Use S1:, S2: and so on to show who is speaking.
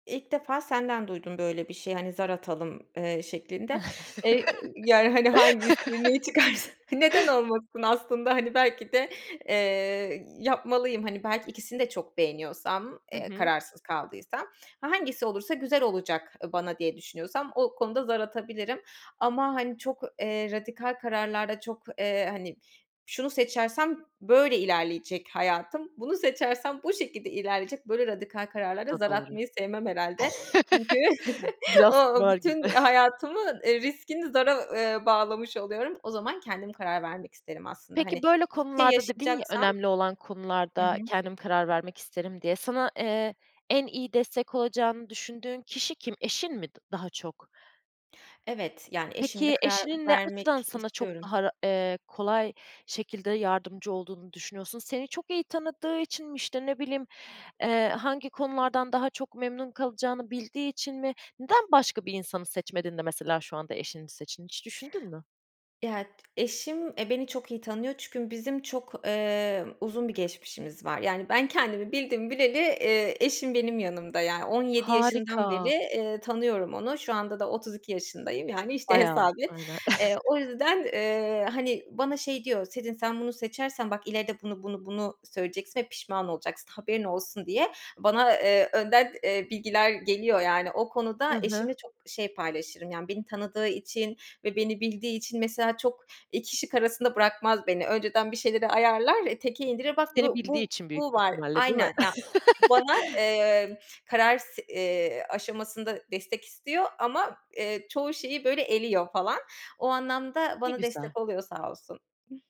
S1: İlk defa senden duydum böyle bir şeyi, hani, zar atalım, eee, şeklinde. Eee, ııı, yani, hani, hangisini, neyi çıkarsa neden olmasın aslında, hani, belki de, eee, yapmalıyım. Hani ,belki ikisini de çok beğeniyorsam,
S2: Hı
S1: eee,
S2: hı.
S1: kararsız kaldıysam, hangisi olursa, güzel olacak, eee, bana diye düşünüyorsam o konuda zar atabilirim ama, hani, çok, eee, radikal kararlarda çok, eee, hani, şunu seçersem böyle ilerleyecek hayatım, bunu seçersem bu şekilde ilerleyecek, böyle radikal kararlarda
S2: Bu da
S1: zar
S2: doğru.
S1: atmayı sevmem herhâlde. Çünkü
S2: Biraz
S1: o
S2: kumar gibi.
S1: bütün hayatımın, eee, riskini zara, eee, bağlamış oluyorum. O zaman kendim karar vermek isterim aslında.
S2: Peki,
S1: Hani,
S2: böyle
S1: bir şey
S2: konularda dedin ya
S1: yaşayacaksam
S2: "Önemli olan
S1: Hı hı.
S2: konularda kendim karar vermek isterim," diye, sana, eee, en iyi destek olacağını düşündüğün kişi kim? Eşin mi daha çok?
S1: Evet, yani, eşimle
S2: Peki,
S1: karar
S2: eşinin ne
S1: vermek
S2: açıdan sana çok
S1: istiyorum.
S2: daha, eee, kolay şekilde yardımcı olduğunu düşünüyorsun? Seni çok iyi tanıdığı için mi? İşte ne bileyim, eee, hangi konulardan daha çok memnun kalacağını bildiği için mi? Neden başka bir insanı seçmedin de mesela şu anda eşini seçtin? Hiç düşündün mü?
S1: [unintelligible] Eşim, eee, beni çok iyi tanıyor çünkü bizim çok, eee, uzun bir geçmişimiz var. Yani, ben kendimi bildim bileli, eee, eşim benim yanımda, yani, 17 yaşından beri,
S2: Harika.
S1: eee, tanıyorum onu. Şu anda da 32 yaşındayım, yani, işte,
S2: Bayağı
S1: hesap
S2: olmuş,
S1: et.
S2: aynen.
S1: Eee, o yüzden, eee, hani, bana şey diyor, "Sezin sen bunu seçersen bak ileride bunu, bunu, bunu söyleyeceksin ve pişman olacaksın, haberin olsun." diye bana, eee, önden, eee, bilgiler geliyor, yani. O
S2: Hı
S1: konuda
S2: hı.
S1: eşimle çok şey paylaşırım, yani, beni tanıdığı için ve beni bildiği için mesela çok 2 şık arasında bırakmaz beni. Önceden bir şeyleri ayarlar ve teke indirir. Bak
S2: Seni
S1: bu,
S2: bildiği
S1: bu,
S2: için büyük
S1: bu var.
S2: ihtimalle, değil mi?
S1: Aynen. Bana, eee, karar s eee, aşamasında destek istiyor ama, eee, çoğu şeyi, böyle, eliyor falan. O anlamda
S2: Ne
S1: bana
S2: güzel.
S1: destek oluyor sağ olsun.